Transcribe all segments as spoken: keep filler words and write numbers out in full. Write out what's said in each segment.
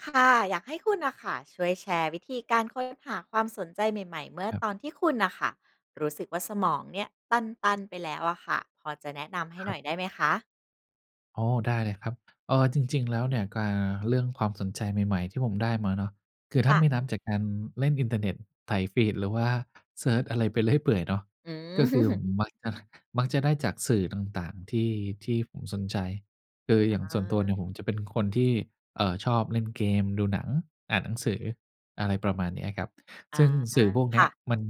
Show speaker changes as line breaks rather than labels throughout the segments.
ค่ะ อยากให้คุณน่ะค่ะ ช่วยแชร์วิธีการค้นหาความสนใจใหม่ ๆ เมื่อ
ครับ
ตอนที่คุณน่ะค่ะ รู้สึกว่าสมองเนี่ยตัน ๆ ไปแล้วอะค่ะ พอจะแนะนำให้
ค
ห
ร
น
ั
่
บ
อยได้ไหมคะ?
อ๋อ ได้เลยครับ เออ จริง ๆ แล้วเนี่ยกา เรื่องความสนใจใหม่ ๆ ที่ผมได้มาเนาะ คือถ
ค
้า
่ะ
ไม่นับจากการเล่นอินเทอร์เน็ต ไถฟีด หรือว่าเซิร์ชอะไรไปเรื่อยเปื่อยเนาะ
อื
ก
อ
็คือผม มักนะ มักจะได้จากสื่อต่าง ๆ ที่ ที่ผมสนใจ คืออย่าง
อ
ส่วนตัวเนี
า
่ยผมจะเป็นคนที่ เอ่อ ชอบเล่นเกม ดูหนัง อ่านหนังสือ อะไรประมาณเนี้ยครับ
อ
ซ
า
ึ่งสื่อพวกเน
ค
ี้
่
ย
ะ
มัน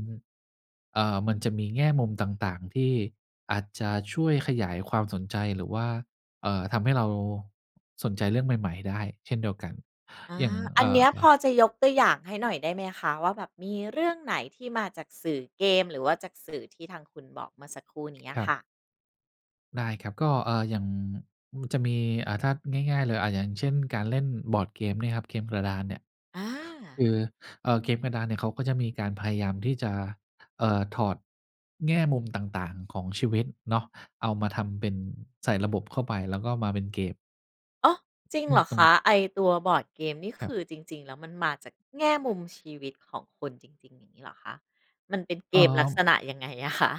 เอ่อ มันจะมีแง่มุมต่าง ๆ ที่อาจจะช่วยขยายความสนใจ หรือว่า เอ่อ ทำให้เรา สนใจเรื่องใหม่ ๆ ได้เช่นเดียวกัน
อา
อย่าง เ
อั
อ
น
่
เนี้ย
อ
พอจะยกตัวอย
ค
่
รับ
างให้หน่อยได้ไหมคะ? ว่าแบบมีเรื่องไหนที่มาจากสื่อเกม หรือว่าจากสื่อที่ทางคุณบอก เมื่อสักครู่นี้อ
ค
ะ
รั
ค
บ
่ะ?
ได้ครับ ก็ เอ่อ อย่าง จะมี อ่า ถ้าง่าย ๆ เลย อ่า อย่างเช่นการเล่นบอร์ดเกมเนี่ยครับ เกมกระดานเนี่ย
อ
ค
า
ือ เอ่อ เกมกระดานเนี่ยเขาก็จะมีการพยายามที่จะ เอ่อ ถอดแง่มุมต่าง ๆ ของชีวิตเนาะ เอามาทำเป็นใส่ระบบเข้าไป แล้วก็มาเป็นเกม
โอ้ จริง
ซึ่
เ
ง
หรอ
ต
ค
รง
ะ? ไอ้ตัวบอร์ดเกม นี่
ค
ค
รับ
ือจริง ๆ แล้ว มันมาจากแง่มุมชีวิตของคนจริง ๆ อย่างงี้เหรอคะ? มันเป็นเ
เ
ก
อ่
มลักษ
อ
ณะยังไงอะคะ?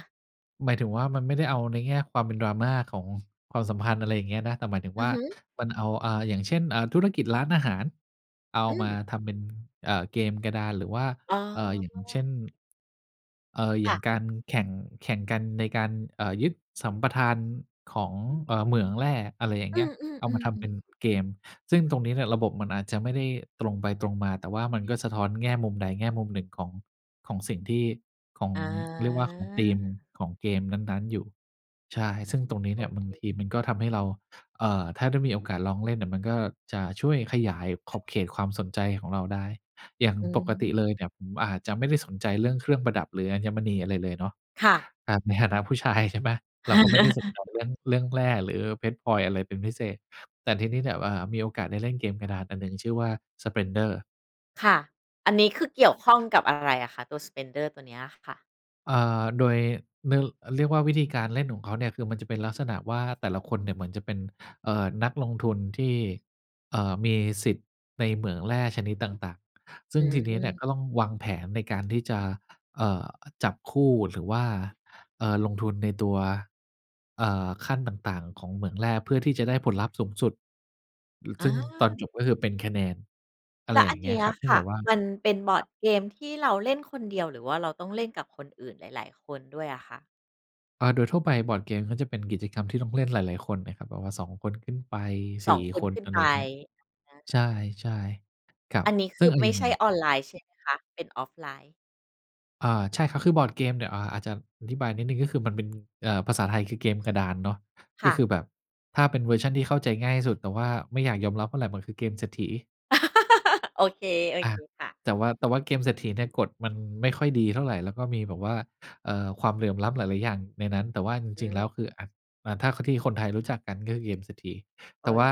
หมายถึงว่า มันไม่ได้เอาในแง่ความเป็น Drama ของความสัมพันธ์ อะไรอย่างเงี้ยนะ แต่หมายถึง
อื
ว่
อ
า
ฮึ
มันเอา อ่า อย่างเช่น อ่า ธุรกิจร้านอาหาร เอา
อ
มา
ือ
ทำเป็น เอ่อ เกมกระดาน หรือว่า
อ๋
เอ่อ อย่างเช่
อ
น เอ่อ อย
ค
่
่
าง
ะ
การ แข่ง แข่งกันในการ เอ่อ ยึดสัมปทานของ เอ่อ เหมืองแร่ อะไรอย่าง
อ
เ
ื
งี้ย เอามา
ม
ทำเป็น
ๆ ๆ ๆ
เกม ซึ่งตรงนี้เนี่ยระบบมันอาจจะไม่ได้ตรงไปตรงมา แต่ว่ามันก็สะท้อนแง่มุมใดแง่มุมหนึ่งของ ของสิ่งที่ของ
อ
เรียกว่าของธีม
า
ของเกมนั้น ๆ อยู่ ใช่ ซึ่งตรงนี้
โอ
เนี่ยบ
เ
าง
ค
ทีมันก็ทำให้เรา เอ่อ ถ้าได้มีโอกาสลองเล่นเนี่ย มันก็จะช่วยขยายขอบเขตความสนใจของเราได้ อย่าง
อื
ปกติเล
อ
ยเนี่ย ผมอาจจะไม่ได้สนใจเรื่องเครื่องประดับ หรืออัญมณี อะไรเลยเนาะ
ค่ะ
ครับในฐานะผู้ชาย ใช่ไหม เราก็ไม่ได้สนใจ เรื่อง เรื่องแร่ หรือเพชรพลอยอะไรเป็นพิเศษ แต่ทีนี้แบบว่ามีโอกาสได้เล่นเกมกระดานอันหนึ่งชื่อว่า Splendor
ค่ะ อันนี้คือเก
ค
ี่
ร
ย
ับ
วข้องกับอะไรอะคะ ตัว Splendor ตัวเนี้ยค่ะ?
เอ่อ โดย นึ เรียกว่าวิธีการ เล่นของเขาเนี่ย คือมันจะเป็นลักษณะว่า แต่ละคนเนี่ยเหมือนจะเป็น เอ่อ นักลงทุนที่ เอ่อ มีสิทธิ์ในเหมืองแร่ชนิดต่าง ๆ ซึ
อื
่งทีนี้เนี่
อ
ยก็ต้องวางแผนในการที่จะ เอ่อ จับคู่ หรือว่า เอ่อ ลงทุนในตัว เอ่อ ขั้นต่าง ๆ ของเหมืองแร่ เพื่อที่จะได้ผลลัพธ์สูงสุด ล ซ
อ
ึ่งตอน
า
จบก็คือเป็นคะแนน อะ
แ
ไ
ล
ร
ะ
อ
อ
ย่
ัน
างเ
เ
ง
น
ี้
ี
ย
้ย
ครับ ซึ
ค
่งแ
่ะ
บบว่า
มันเป็นบอ
ค
ร
ร
์
ั
ด
บ
เกมที่เราเล่นคนเดียว หรือว่าเราต้องเล่นกับคนอื่นหลาย ๆ คนด้วยอะคะ?
อา โดยทั่วไปบอร์ดเกมก็จะเป็นกิจกรรมที่ต้องเล่นหลาย ๆ คนนะครับ แบบว่า สอง คนขึ้นไป
ส
ส
อ
ี
ง
่
คน
คน
ขึ้น
อะไ
ไ
ร
ป
อย่างเงี้ย
อ
ใ
า
ช่ ๆ ครับ
อันนี้ค
ซึ่
ื
ง
อ
อะเห
ไม
ลี
่
่ยง
ใช
น
่
่ะ
ออนไลน์ใช่ไหมคะ เป็นออฟไลน์?
อ่า ใช่ครับ คือบอร์ดเกมเนี่ย อ่า อาจจะอธิบายนิดหนึ่ง ก็คือมันเป็น เอ่อ ภาษาไทย คือเกมกระดานเนาะ
ค
ก็
่ะ
คือแบบถ้าเป็นเวอร์ชันที่เข้าใจง่ายที่สุด แต่ว่าไม่อยากยอมรับเท่าไร มันคือเกมเศรษฐี
โอเค โอ
อ
เ
ะ
คค่ะ
แต่ว่า แต่ว่าเกมเศรษฐีเนี่ย กฎมันไม่ค่อยดีเท่าไร แล้วก็มีแบบว่า เอ่อ ความเหลื่อมล้ำหลาย ๆ อย่างในนั้น แต่ว่าจ
อ
ริง ๆ แล้วคือ
ือ
อ อ่า ถ้าคนที่คนไทยรู้จักกัน ก็คือเกมเศรษฐี
เอ
แต่
๊
ว
ย
่า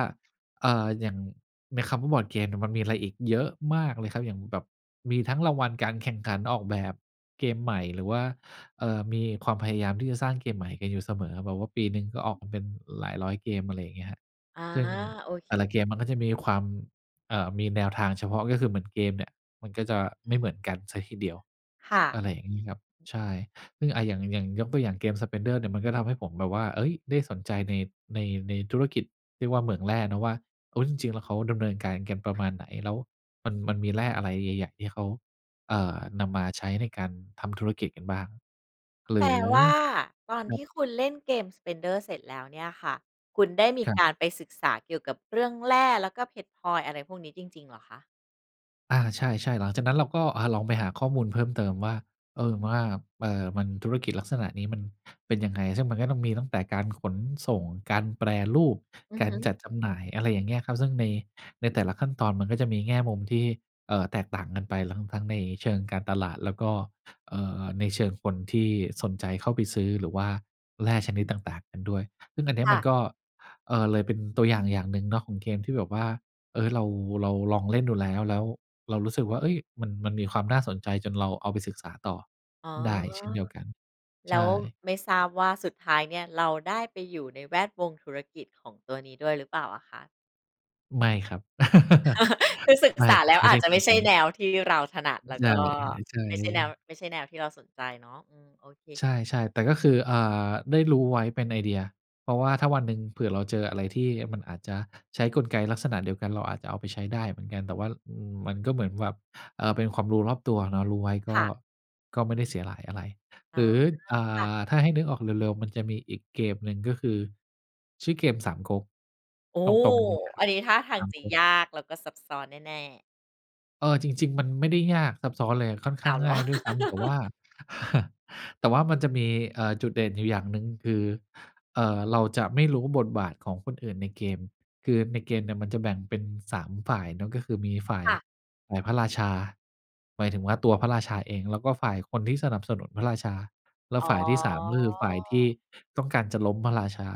เอ่อ อย่างในคำว่าบอร์ดเกมเนี่ย มันมีอะไรอีกเยอะมากเลยครับ อย่างแบบมีทั้งรางวัลการแข่งขันออกแบบเกมใหม่ หรือว่า เอ่อ มีความพยายามที่จะสร้างเกมใหม่กันอยู่เสมอ แบบว่าปีหนึ่งก็ออกมาเป็นหลายร้อยเกม อะไรอย่างเงี้ยครับ
อา
ซึ่ง
โอเค
แต่ละเกมมันก็จะมีความ เอ่อ มีแนวทางเฉพาะ ก็คือเหมือนเกมเนี่ย มันก็จะไม่เหมือนกันเสียทีเดียว
ค่
อะ
ะ
ไรอย่างงี้ครับ ใช่ ซึ่ง อ่า อย่าง อย่างยกตัวอย่างเกม Splendor เนี่ย มันก็ทำให้ผมแบบว่า เอ๊ย ได้สนใจ ใน ใน ในธุรกิจ เรียกว่าเมืองแร่เนาะว่า โอ้ จริง ๆ แล้วเขาดำเนินการกันประมาณไหน แล้ว มัน มันมีแร่อะไรใหญ่ ๆ ที่เขา เอ่อ นำมาใช้ในการทำธุรกิจกันบ้าง หร
แป
ื
ล
อ
ว่าตอน
คร
ท
ั
ี
บ
่คุณเล่นเกม Splendor เสร็จแล้วเนี่ยค่ะ คุณได้มี
คร
ก
ับ
ารไปศึกษาเกี่ยวกับเรื่องแร่ แล้วก็เพชรพลอยอะไรพวกนี้จริง ๆ เหรอคะ?
อา ใช่ ๆ หลังจากนั้นเราก็ อ่า ลองไปหาข้อมูลเพิ่มเติมว่า เอ่อ ว่า เอ่อ มันธุรกิจลักษณะนี้มันเป็นยังไง ซึ่งมันก็ต้องมีตั้งแต่การขนส่ง การแปรรูป
อือ
กา
ฮ
รจ
ึ
ัดจำหน่าย อะไรอย่างเงี้ยครับ ซึ่ง ใน ในแต่ละขั้นตอนมันก็จะมีแง่มุมที่ เอ่อ แตกต่างกันไป ทั้ง ทั้งในเชิงการตลาด แล้วก็ เอ่อ ในเชิงคนที่สนใจเข้าไปซื้อ หรือว่าแร่ชนิดต่าง ๆ กันด้วย ซึ่งอันเนี้
ค
ย
่
มัน
ะ
ก็ เออ เลยเป็นตัวอย่าง อย่างหนึ่งเนาะของเกมที่แบบว่า เออ เรา เราลองเล่นดูแล้ว แล้วเรารู้สึกว่า เอ๊ย มัน มันมีความน่าสนใจ จนเราเอาไปศึกษาต่อ
อ๋อ
ได้เช่นเดียวกัน
แ
ใ
ล
ช
้ว
่
ไม่ทราบว่าสุดท้ายเนี่ย เราได้ไปอยู่ในแวดวงธุรกิจของตัวนี้ด้วยหรือเปล่าอะคะ?
ไม่ครับ
คือศึก
ไม่
ษาแล้ว
ไม่
อา
ได้
จจะ
ขน
ไม
า
่
ด
ใช
น
่
ั้
แ
น
นวที่เราถนัด แล้ว
ใช
ก
่
็
เดี๋ยวจ่า
ไม
ย
่ใ
เ
ช
อ
่แนว
ง
ไม่ใช่แนวที่เราสนใจเนาะ อืม โอเค
ใช่ ๆ แต่ก็คือ อ่า ได้รู้ไว้เป็นไอเดีย เพราะว่าถ้าวันหนึ่ง เผื่อเราเจออะไรที่มันอาจจะใช้กลไกลักษณะเดียวกัน เราอาจจะเอาไปใช้ได้เหมือนกัน แต่ว่า อืม มันก็เหมือนแบบ เอ่อ เป็นความรู้รอบตัวเนาะ รู้ไว้ ก
ค
็
่ะ
ก็ไม่ได้เสียหลายอะไร
อ
ห
๋
ร
อ
ือ อ่า
ค่ะ
ถ้าให้นึกออกเร็ว ๆ มันจะมีอีกเกมหนึ่ง ก็คือ ชื่อเกมสามก๊ก
โอ้
ตรง ๆ งี้คร
อ
ั
ั
บ
นนี้ท่าทา
ส
ง
าม
จะ
ก๊ก
ยากแล้วก็ซับซ้อนแน่ ๆ
เออ จริง ๆ มันไม่ได้ยากซับซ้อนเลย ค่อนข้
อ้
า
า
ง
วเหร
ง่
อ?
ายด้วยซ้ำ แต่ว่า แต่ว่ามันจะมี เอ่อ จุดเด่นอยู่อย่างหนึ่งคือ เอ่อ เราจะไม่รู้บทบาทของคนอื่นในเกม คือในเกมเนี่ยมันจะแบ่งเป็น สาม ฝ่ายเนาะ ก็คือมี ฝ่าย
ค่ะ
ฝ่ายพระราชา หมายถึงว่าตัวพระราชาเอง แล้วก็ฝ่ายคนที่สนับสนุนพระราชา และ
อ๋
ฝ่ายที่ สาม ก็คือฝ่ายที่
อ
ต้องการจะล้มพระราชา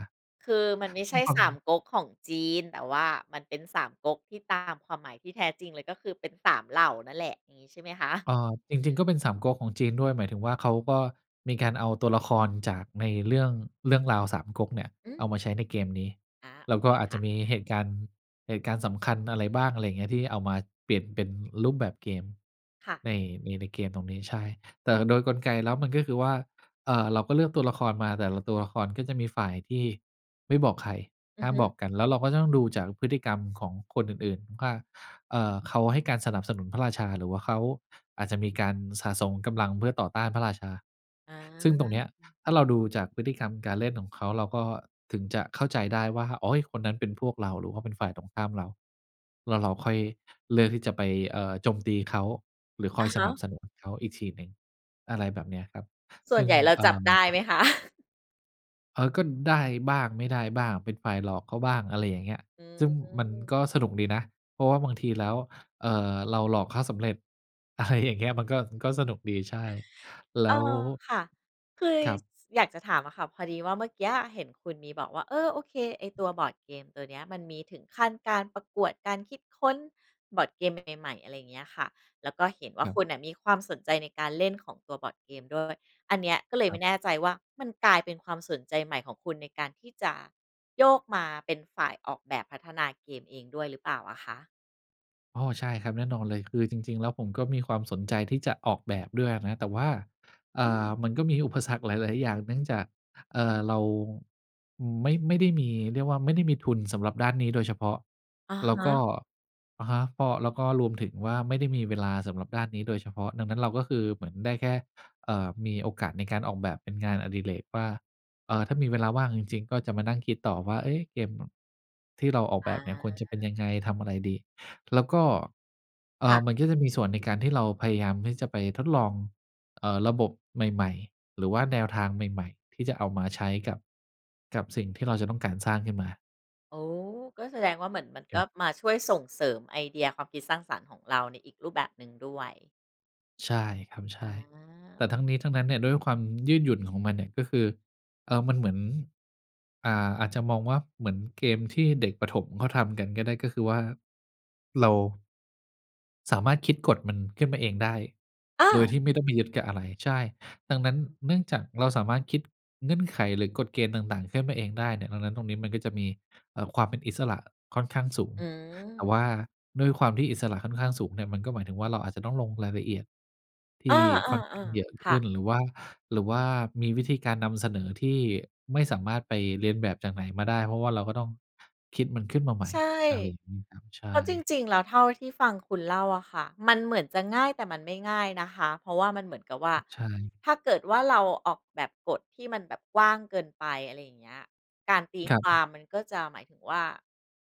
คือมันไม่
ซ
ใ
ึ
ช
่ง
่
ควา
สาม
ม
ก๊กของจีน แต่ว่ามันเป็นสามก๊กที่ตามความหมายที่แท้จริงเลย ก็คือ เป็น สาม เหล่านั่นแหละ งี้ใช่ไหมคะ?
เอ่อ จริง ๆ ก็เป็นสามก๊กของจีนด้วย หมายถึงว่า เขาก็มีการเอาตัวละครจากใน เรื่อง เรื่องราวสามก๊กเนี่ย
อื
เอาม
ม
าใช้ในเกมนี้
อา
แ
โอ
ล้ว
เ
ก
ค
็อาจ
ค
จ
่
ะ
ะ
มี
อ
เห
า
ตุการณ์ เหตุการณ์สำคัญอะไรบ้าง อะไรเงี้ย ที่เอามาเปลี่ยนเป็นรูปแบบเกม
ค่ะ
ใน ใน ในเกมตรงนี้ ใช่ แต่โดยกลไกแล้ว มันก็คือว่า เอ่อ เราก็เลือกตัวละครมา แต่ละตัวละครก็จะมีฝ่ายที่ ไม่บอกใคร
อื
ห้
อ
า
ฮ
ม
ึ
บอกกัน แล้วเราก็ต้องดูจากพฤติกรรมของคนอื่น ๆ ข ว่า เอ่อ เขาให้การสนับสนุนพระราชา หรือว่าเขาอาจจะมีการสะสมกำลังเพื่อต่อต้านพระราชา
อ
ซึ่งตรงเนี้ย
า
ถ้าเราดูจากพฤติกรรมการเล่นของเขา เราก็ถึงจะเข้าใจได้ว่า โอ๊ย คนนั้นเป็นพวกเรา หรือว่าเป็นฝ่ายตรงข้ามเรา แล้วเราค่อยเลือกที่จะไป เอ่อ โจมตีเขา หรือค
อ
อ
ะ
ย
ฮ
สนั
ะ
บสนุนเขาอีกทีหนึ่ง อะไรแบบเนี้ยครับ
ส่
ซ
ว
ึ
น
่ง
ใหญ่เรา
เอ
จ
่
ับได
อ
้ไหมคะ?
เออ ก็ได้บ้างไม่ได้บ้าง เป็นฝ่ายหลอกเขาบ้างอะไรอย่างเงี้ย
อื
ซึ่งมัน
ม
ก็สนุกดีนะ เพราะว่าบางทีแล้ว เอ่อ เราหลอกเขาสำเร็จ อะไรอย่างเงี้ย มันก็ มันก็สนุกดี ใช่ แล้
เอ
ว
อ ค่ะ คึย
ครั
ส
บ
อยากจะถามอะค่ะ พอดีว่าเมื่อเกี้ยเห็นคุณมีบอกว่า เออ โอเค ไอ้ตัวบอร์ดเกมตัวเนี้ย มันมีถึงขั้นการประกวดการคิดค้นบอร์ดเกมใหม่ ๆ อะไรเงี้ยค่ะ แล้วก็เห็นว่า
ครั
ค
บ
ุณน่ะมีความสนใจในการเล่นของตัวบอร์ดเกมด้วย อันเนี้ยก็เลย
ค
ไม
รับ
่แน่ใจว่า มันกลายเป็นความสนใจใหม่ของคุณในการที่จะ โยกมาเป็นฝ่ายออกแบบพัฒนาเกมเองด้วยหรือเปล่าอะค่ะ?
อ้อ ใช่ครับ แน่นอนเลย คือจริง ๆ แล้วผมก็มีความสนใจที่จะออกแบบด้วยนะ แต่ว่า อ
อ
่
ื
า
ม
มันก็มีอุปสรรคหลาย ๆ อย่าง เนื่องจาก เอ่อ เรา อืม ไม่ ไม่ได้มีเรียกว่าไม่ได้มีทุนสำหรับด้านนี้โดยเฉพาะ
อะ
แล้
ฮ
วก็
ะ
อะฮะ ก็ แล้วก็รวมถึงว่าไม่ได้มีเวลาสำหรับด้านนี้โดยเฉพาะ ดังนั้นเราก็คือ เหมือนได้แค่ เอ่อ มีโอกาสในการออกแบบเป็นงานอดิเรกกว่า เอ่อ ถ้ามีเวลาว่างจริง ๆ ก็จะมานั่งคิดต่อว่า เอ๊ะ เกมที่เราออก
อ
แบ
า
บเนี่ยควรจะเป็นยังไง ทำอะไรดี แล้วก็ เอ
ค
่
่ะ
อ มันก็จะมีส่วนในการที่เราพยายามที่จะไปทดลอง เอ่อ ระบบใหม่ ๆ หรือว่าแนวทางใหม่ ๆ ที่จะเอามาใช้กับ กับสิ่งที่เราจะต้องการสร้างขึ้นมา
โอ้ ก็แสดงว่า เหมือนมัน
ค
ก
รั
็
บ
มาช่วยส่งเสริมไอเดียความคิดสร้างสรรค์ของเราในอีกรูปแบบหนึ่งด้วย
ใช่ครับ ใช
อ
่ แต่ท
า
ั้งนี้ทั้งนั้นเนี่ยด้วยความยืดหยุ่นของมันเนี่ยก็คือ เอ่อ มันเหมือน อ่า อาจจะมองว่าเหมือนเกมที่เด็กประถมเขาทำกันก็ได้ ก็คือว่า เรา สามารถคิดกฎมันขึ้นมาเองได้
อ
โดย
า
ที่ไม่ต้องไปยึดกับอะไร ใช่ ดังนั้นเนื่องจากเราสามารถคิดเงื่อนไข หรือกฎเกณฑ์ต่าง ๆ ขึ้นมาเองได้เนี่ย ดังนั้นตรงนี้มันก็จะมี เอ่อ ความเป็นอิสระค่อนข้างสูง
อื
แต่
ม
ว่าด้วยความที่อิสระค่อนข้างสูงเนี่ย มันก็หมายถึงว่า เราอาจจะต้องลงรายละเอียดท
เออ
ี่ค่อนข้างเยอ
ๆ
ะ
ๆ
ข
ค่
ึ
ะ
้น หรือว่า หรือว่ามีวิธีการนำเสนอที่ไม่สามารถไปเลียนแบบจากไหนมาได้ เพราะว่าเราก็ต้องคิดมันขึ้นมาใหม่
ใช่
อะไรอย่างงี้ครับ ใช
เพราะจ
่
ริง ๆ แล้วเท่าที่ฟังคุณเล่าอะค่ะ มันเหมือนจะง่ายแต่มันไม่ง่ายนะคะ เพราะว่า มันเหมือนกับว่า
ใช่
ถ้าเกิดว่าเราออกแบบกฎที่มันแบบกว้างเกินไป อะไรอย่างเงี้ย การตี
ครั
คว
บ
ามมันก็จะหมายถึงว่า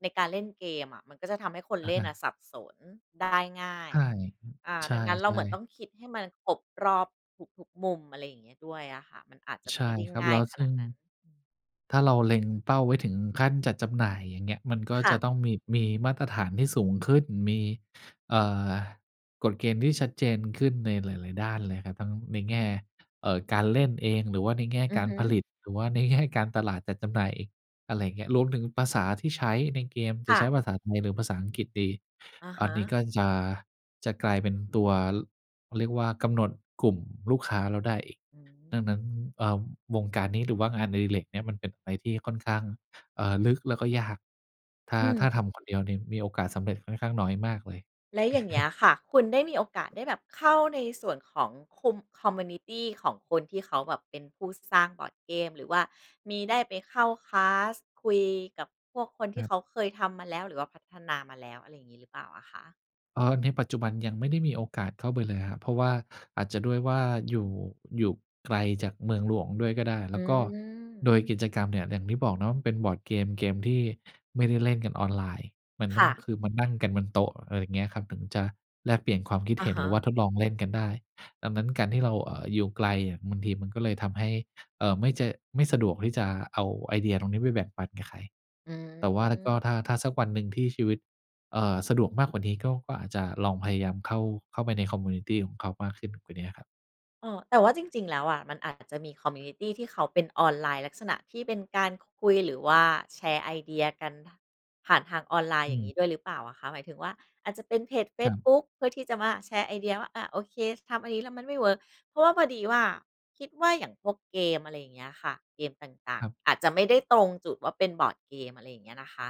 ในการเล่นเกมอะ มันก็จะทำให้คน
อ
เ
ะ
ล่
ฮ
นอ
ะ
ะสับสนได้ง่า
ใ
ย
ช่
อ่า
ใช
ดังนั้นเราเ
่
หมือน
ๆ
ต้องคิดให้มันครบรอบทุก ๆ มุม อะไรอย่างเงี้ยด้วยอะค่ะ มันอาจจะ
ใช
ไ
่
ม่ได้
ครับ
ง่
แล
าย
้ว
ข
ซ
น
ึ่
าด
ง
นั้น
ถ้าเราเล็งเป้าไว้ถึงขั้นจัดจำหน่ายอย่างเงี้ย มันก็
ค่
จ
ะ
ะต้องมี มีมาตรฐานที่สูงขึ้น มี เอ่อ กฎเกณฑ์ที่ชัดเจนขึ้นในหลาย ๆ ด้านเลยครับ ทั้งในแง่ เอ่อ การเล่นเอง หรือว่าในแง่
อื
ก
อ
า
ฮ
ร
ึ
ผลิต หรือว่า ในแง่ การตลาดจัดจำหน่ายอีก อะไรอย่างเงี้ย รวมถึงภาษาที่ใช้ในเกมจ
ค
ะ
่
ใช
ะ
้ภาษาไทยหรือภาษาอังกฤษดี
อะ
อ
ฮ
ันนี้
ะ
ก็จะ จะกลายเป็นตัว เขาเรียกว่า กำหนดกลุ่มลูกค้าเราได้อีก
อืม
ดังนั้น เอ่อ วงการนี้หรือว่างานอดิเรกเนี้ย มันเป็นอะไรที่ค่อนข้าง เอ่อ ลึกแล้วก็ยาก ถ้า
อ
ถ้าท
ืม
ำคนเดียวเนี่ยมีโอกาสสำเร็จค่อนข้างน้อยมากเลย
แล้วอย่างเงี้ยค่ะ คุณได้มีโอกาสได้แบบเข้าในส่วนของคุม คอมมิวนิตี ของคนที่เขาแบบเป็นผู้สร้างบอร์ดเกม หรือว่ามีได้ไปเข้า คลาส คุยกับพวกคนท
ค
ี่
รั
เ
บ
ขาเคยทำมาแล้ว หรือว่าพัฒนามาแล้ว อะไรอย่างงี้หรือเปล่าอะค่ะ?
เอ่อ ในปัจจุบันยังไม่ได้มีโอกาสเข้าไปเลยครับ เพราะว่าอาจจะด้วยว่าอยู่ อยู่ไกลจากเมืองหลวงด้วยก็ได้ แ
อ
ล
ื
้วก็โด
ม
ยกิจกรรมเนี่ยอย่างที่บอกเนาะ มันเป็นบอร์ดเกม เกมที่ไม่ได้เล่นกันออนไลน์ มัน
ค
ต้อ
่
ง
ะ
คือมานั่งกันบนโต๊ะ อะไรอย่างเงี้ยครับ ถึงจะแลกเปลี่ยนความคิด
อ
เห
ะ
็น
ฮ
หรือว่
ะ
าทดลองเล่นกันได้ ดังนั้นการที่เรา เอ่อ อยู่ไกลเนี่ยบางทีมันก็เลยทำให้ เอ่อ ไม่จะ ไม่สะดวกที่จะเอาไอเดียตรงนี้ไปแบ่งปันกับใคร
อื
แต่ว่าก็
ม
ถ้า ถ้าสักวันหนึ่งที่ชีวิต เอ่อ สะดวกมากกว่านี้ก็ ก็อาจจะลองพยายามเข้า เข้าไปใน คอมมิวนิตี ของเขามากขึ้นกว่าเนี้ยครับ
เออ แต่ว่าจริง ๆ แล้วอะ มันอาจจะมี คอมมิวนิตี ที่เขาเป็นออนไลน์ลักษณะที่เป็นการคุย หรือว่าแชร์ไอเดียกัน ผ่านทางออนไลน์
อ
อย่
ื
างงี
ม
้ด้วยหรือเปล่าอะค่ะ? หมายถึงว่าอาจจะเป็นเพจเฟ
คร
ซ
ับ
บุ๊กเพื่อที่จะมาแชร์ไอเดียว่า อา โอเคทำอันนี้แล้วมันไม่เวิร์ก เพราะว่าพอดีว่า คิดว่าอย่างพวกเกม อะไรอย่างเงี้ยค่ะ เกมต่า
ค
ง
รับ
ๆ อาจจะไม่ได้ตรงจุดว่าเป็นบอร์ดเกม อะไรอย่างเงี้ยนะคะ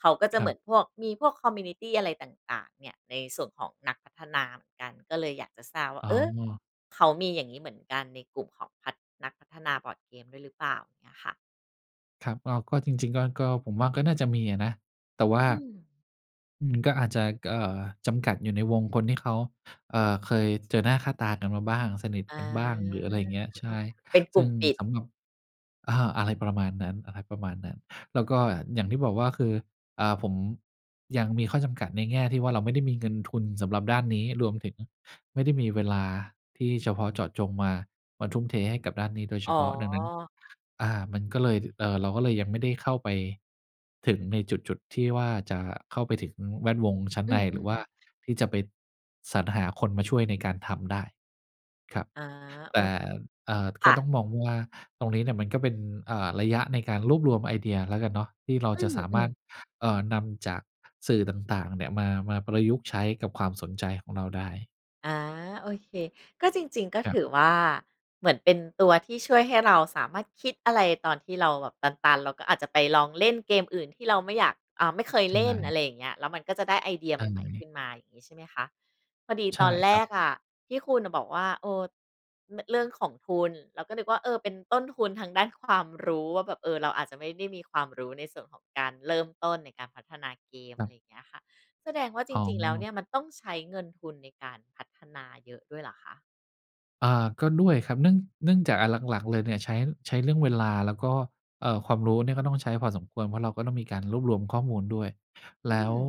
เขาก็จะ
ค
เ
ร
ห
ั
มื
บ
อนพวก มีพวก คอมมิวนิตี อะไรต่าง ๆ เนี่ย ในส่วนของนักพัฒนาเหมือนกัน ก็เลยอยากจะทราบว่า
อ๋
เออ
อ
เขามีอย่างงี้เหมือนกันในกลุ่มของพัฒ นักพัฒนาบอร์ดเกมด้วยหรือเปล่าอย่างเงี้ยค่ะ?
ครับ ก็ ก็จริง ๆ ก็ ก็ผมว่าก็น่าจะมีอะนะ แต่ว่า
อืม
อืม ก็อาจจะ ก เอ่อ จำกัดอยู่ในวงคนที่เขา เอ่อ เคยเจอหน้าค่าตากันมาบ้าง สนิท
อา
กันบ้าง หรืออะไรอย่างเงี้ย ใช
อะ
่
เป็นก
ซ
ล
ึ
ุ่
่
ม
ง
ปิด
สำหรับ เอ่อ อะไรประมาณนั้น อะไรประมาณนั้น แล้วก็อย่างที่บอกว่า คือ อ่า ผมยังมีข้อจำกัดในแง่ที่ว่า เราไม่ได้มีเงินทุนสำหรับด้านนี้ รวมถึงไม่ได้มีเวลาที่เฉพาะเจาะจงมา มาทุ่มเทให้กับด้านนี้โดยเฉ
อ๋อ
พาะ ดังนั้น อ่า มันก็เลย เอ่อ เราก็เลยยังไม่ได้เข้าไปถึงในจุด จุดที่ว่าจะเข้าไปถึงแวดวงชั้น
อื
ใน
อ ๆ อื
หรือว่า
ม
ที่จะไปสรรหาคนมาช่วยในการทำได้ ครับ
อา
แ
โอ
ต่
เค
เอ่อ
ค
ก็
่
ต้อ
ะ
งมองว่าตรงนี้เนี่ยมันก็เป็น เอ่อ ระยะในการรวบรวมไอเดียแล้วกันเนาะ ที่เรา
อื
จะ
อ
สา
อื
มารถ
ม
เอ่อ นำจากสื่อต่าง ๆ เนี่ยมา มาประยุกต์ใช้กับความสนใจของเราได้
อา โอเค ก็จริง ๆ ก็
คร
ถ
ับ
ือว่าเหมือนเป็นตัวที่ช่วยให้เราสามารถคิดอะไรตอนที่เราแบบตัน ๆ เราก็อาจจะไปลองเล่นเกมอื่นที่เราไม่อยาก อ่า ไม่เคย
ใช
เล่นอะ
่
ไรอย่างเงี้ย แล้วมันก็จะได้ไอเดีย
ใ
ใ
ช
หม่ ๆ ข
่
ึ้นมา อย่างงี้ใช่ไหมคะ? พอดี
ใช
ต
่
อนแร
ครับ
กอะที่คุณอะบอกว่า เออ ร เรื่องของทุน เราก็นึกว่า เออ เป็นต้นทุนทางด้านความรู้ว่าแบบ เออ เราอาจจะไม่ได้มีความรู้ในส่วนของการเริ่มต้นในการพัฒนาเกม
ค
อ
ร
ะ
ั
ไร
บ
อย่างเงี้ยค่ะ แสดงว่าจ
อ๋
ริง ๆ แล้วเ
อ
นี่ยมันต้องใช้เงินทุนในการพัฒนาเยอะด้วยเหรอคะ?
อ่า ก็ด้วยครับ เนื่อง เนื่องจากอันหลัง ๆ เลยเนี่ย ใช้ ใช้เรื่องเวลาแล้วก็ เอ่อ ความรู้เนี่ยก็ต้องใช้พอสมควร เพราะเราก็ต้องมีการรวบรวมข้อมูลด้วย
อ
แ
ื
ล้ว
ม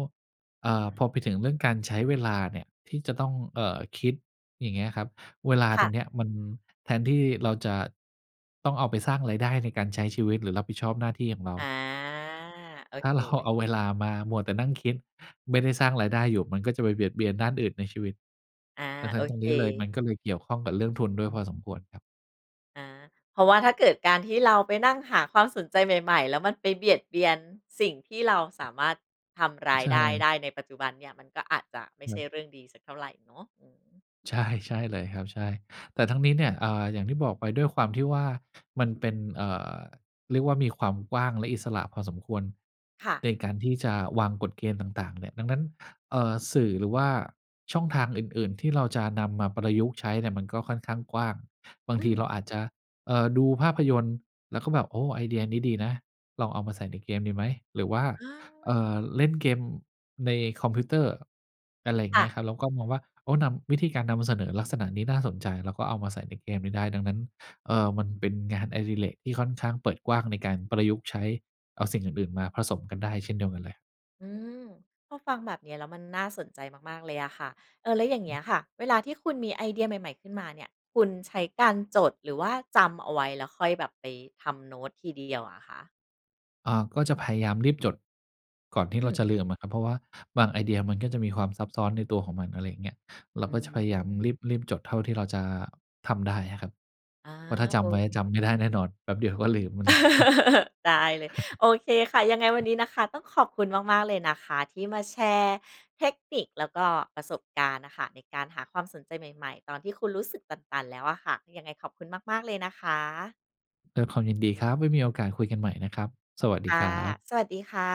เอ่อ พอไปถึงเรื่องการใช้เวลาเนี่ย ที่จะต้อง เอ่อ คิดอย่างเงี้ยครับ เวลา
ค
ต
่ะ
รงเนี้ยมันแทนที่เราจะต้องเอาไปสร้างรายได้ในการใช้ชีวิต หรือรับผิดชอบหน้าที่ของเรา
อา โอ
ถ้า
เค
เรา เอาเวล
ๆ
ามามัวแต่นั่งคิด ไม่ได้สร้างรายได้อยู่มันก็จะไปเบียดเบียนด้านอื่นในชีวิต
อา
ดังน
โ
ั
อ
้นตรง
เค
นี้เลย มันก็เลยเกี่ยวข้องกับเรื่องทุนด้วยพอสมควรครับ
อา เพราะว่าถ้าเกิดการที่เราไปนั่งหาความสนใจใหม่ ๆ แล้วมันไปเบียดเบียนสิ่งที่เราสามารถทำรา
ใ
ย
ช
ได้
่
ได้ในปัจจุบันเนี่ย มันก็อาจจะไม่ใ
ค
ช
รั
่
บ
เรื่องดีสักเท่าไรเนาะ อืม
ใช่ ใช่เลยครับ ใช่ แต่ทั้งนี้เนี่ย อ่า อย่างที่บอกไปด้วยความที่ว่า มันเป็น เอ่อ เรียกว่ามีความกว้าง และอิสระพอสมควร
ค่ะ
ในการที่จะวางกฎเกณฑ์ต่าง ๆ เนี่ย ดังนั้น เอ่อ สื่อหรือว่าช่องทางอื่น ๆ ที่เราจะนำมาประยุกต์ใช้เนี่ย มันก็ค่อนข้างกว้าง บาง
อื
ทีเ
ม
ราอาจจะ เอ่อ ดูภาพยนตร์ แล้วก็แบบ โอ้ ไอเดียนี้ดีนะ ลองเอามาใส่ในเกมดีไหม หรือว่า
อ
เอ่
า
อ เล่นเกมในคอมพิวเตอร์ อะไร
ค
เงี
่
้ย
ะ
ครับ แล้วก็มองว่า โอ้ นำ วิธีการนำเสนอลักษณะนี้น่าสนใจ แล้วก็เอามาใส่ในเกมนี้ได้ ดังนั้น เอ่อ มันเป็นงานอดิเรกที่ค่อนข้างเปิดกว้างในการประยุกต์ใช้เอาสิ่งอื่น ๆ มาผสมกันได้เช่นเดียวกันเลย
อืม พอฟังแบบเนี้ยแล้วมันน่าสนใจมาก ๆ เลยอะค่ะ เออ แล้วอย่าง
อ
เงี้ยค
ืม
่ะ เวลาที่คุณมีไอเดียใหม่ ๆ ขึ้นมาเนี่ย คุณใช้การจด หรือว่าจำเอาไว้แล้วค่อยแบบไปทำโน้ตทีเดียวอะคะ?
อ่า ก็จะพยายามรีบจดก่อนที
อ
่
ื
เรา
ม
จะลืมอะครับ เพราะว่าบางไอเดียมันก็จะมีความซับซ้อนในตัวของมัน อะไรอย่างเงี้ย เรา
อื
ก็จะพยายาม
ม
รีบ รีบจดเท่าที่เราจะทำได้อะครับ
อา
เพราะถ้าจ
โอ
ำไว้
เ
จ
ค
ำไม่ได้แน่นอน แป๊บเดี๋ยวก็ลืมมัน เลย
ได้เลย โอเคค่ะ ยังไงวันนี้นะคะ ต้องขอบคุณมาก ๆ เลยนะคะ ที่มาแชร์เทคนิค แล้วก็ประสบการณ์น่ะค่ะ ในการหาความสนใจใหม่ ๆ ตอนที่คุณรู้สึกตัน ๆ แล้วอะค่ะ ยังไงขอบคุณมาก ๆ เลยนะคะ
ด้วยความยินดีครับ ไว้มีโอกาสคุยกันใหม่นะครับ สวัสด
ค
ี
่
ค
ะ
รับ
สวัสดีค่ะ